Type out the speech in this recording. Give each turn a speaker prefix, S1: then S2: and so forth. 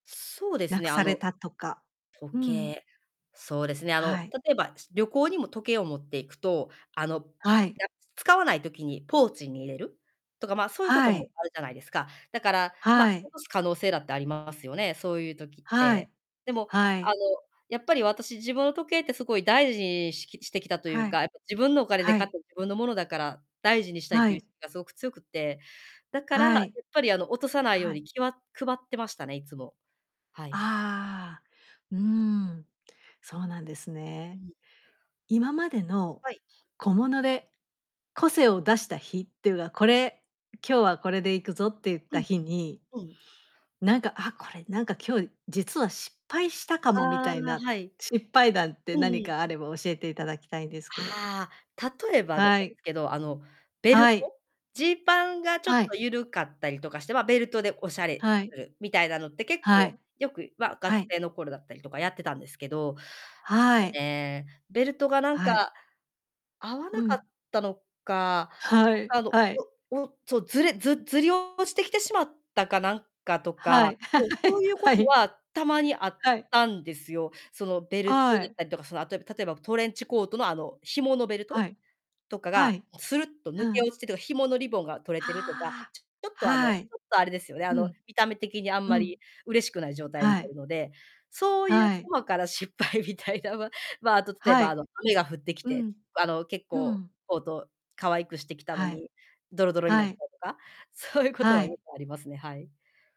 S1: そうです
S2: 失く
S1: ね、あ
S2: され
S1: の、
S2: たとか。う
S1: 時
S2: ーん。
S1: 計。そうですね、あ
S2: は
S1: の、
S2: い。
S1: 例えば、旅行にも時計を持っていくと、あの、だ
S2: はい。
S1: 使わない時にポーチに入れるとか、ま、そういうこ
S2: は
S1: とも
S2: い。
S1: あるじゃないですか。だから、ま、
S2: はい。
S1: 落とす可能性だってありますよね、そういう時っ
S2: はい。
S1: て。でも、
S2: は
S1: あの、
S2: い。
S1: やっぱり私自分の時計ってすごい大事にしきしてきたという
S2: はい。
S1: か、やっぱ自分のお金で
S2: は
S1: 買っ
S2: い。
S1: た自分のものだから、大事にしたいっ
S2: は
S1: ていう
S2: い。
S1: がすごく強くて、だから、や
S2: は
S1: っ
S2: い。
S1: ぱり、あの、落とさないよ
S2: は
S1: う
S2: い。
S1: に気は配ってましたね、いつも。はい。
S2: ああ。うーん。そうなんです
S1: う
S2: ね。
S1: ん。
S2: 今までの
S1: はい。
S2: 小物で、個性を出した日っていうが、これ、今日はこれで行くぞって言っ
S1: う
S2: た
S1: ん。
S2: 日に、
S1: うん。
S2: なんか、あ、これ、なんか、今日実は失敗したか
S1: あ
S2: もみ
S1: あ、
S2: たい
S1: あ、
S2: な、
S1: はい。
S2: 失敗談って
S1: うん
S2: 何
S1: うん。
S2: かあれば教えていただきたいんですけど。
S1: ああ。例えば、あの、
S2: は
S1: なんで
S2: い。
S1: すけど、あの、ベル
S2: はい。
S1: ト、ジーパンがちょっ
S2: はい。
S1: と緩かったりとかして、ま、ベルトでお洒落
S2: はい。
S1: するみたいなのって、結
S2: は
S1: 構、
S2: い。
S1: よく、ま、が
S2: は
S1: つ
S2: い。
S1: せいの頃だったりとかやってたんですけど、ち
S2: は
S1: ょっと
S2: い。
S1: ね、ベルトがなん
S2: はい。
S1: か合わ
S2: う
S1: なかっ
S2: ん。
S1: たのか、
S2: は
S1: なん
S2: い、
S1: か、あの、
S2: はい。
S1: おおそう、ずれずずり落ちてきてしまったかなんかと
S2: は
S1: か、
S2: い。
S1: そう、そ ういうこ
S2: は
S1: と
S2: い。
S1: は、たまにあっ
S2: はい。
S1: たんですよ。そのベルト
S2: は
S1: だっ
S2: い。
S1: たりとか、その、あと、えば例えばトレンチコートのあの紐のベルト
S2: はい。
S1: とか
S2: は
S1: が
S2: い。
S1: スルッと抜
S2: う
S1: け
S2: ん。
S1: 落ちてとか、紐のリボンが取れてるとか、
S2: はあ。
S1: ちょっと、あの、
S2: はい。
S1: ちょっと、あれですよね、あ
S2: う
S1: の、
S2: ん。
S1: 見た目的にあん
S2: う
S1: ま
S2: ん。
S1: り嬉しくない状態に
S2: は
S1: なる
S2: い。
S1: ので、そういう
S2: はい。
S1: 細かな失敗みたいなんは、まあ、あと例え
S2: は
S1: ば、あ
S2: い。
S1: の、雨が降ってき
S2: う
S1: て、
S2: ん。
S1: あの、結
S2: う
S1: 構
S2: ん。
S1: コート可愛くしてきたの
S2: はい。
S1: に、ドロドロにな
S2: は
S1: ったり
S2: い。
S1: とか、そういうこと
S2: は
S1: はよ
S2: い。
S1: くありますね、はい。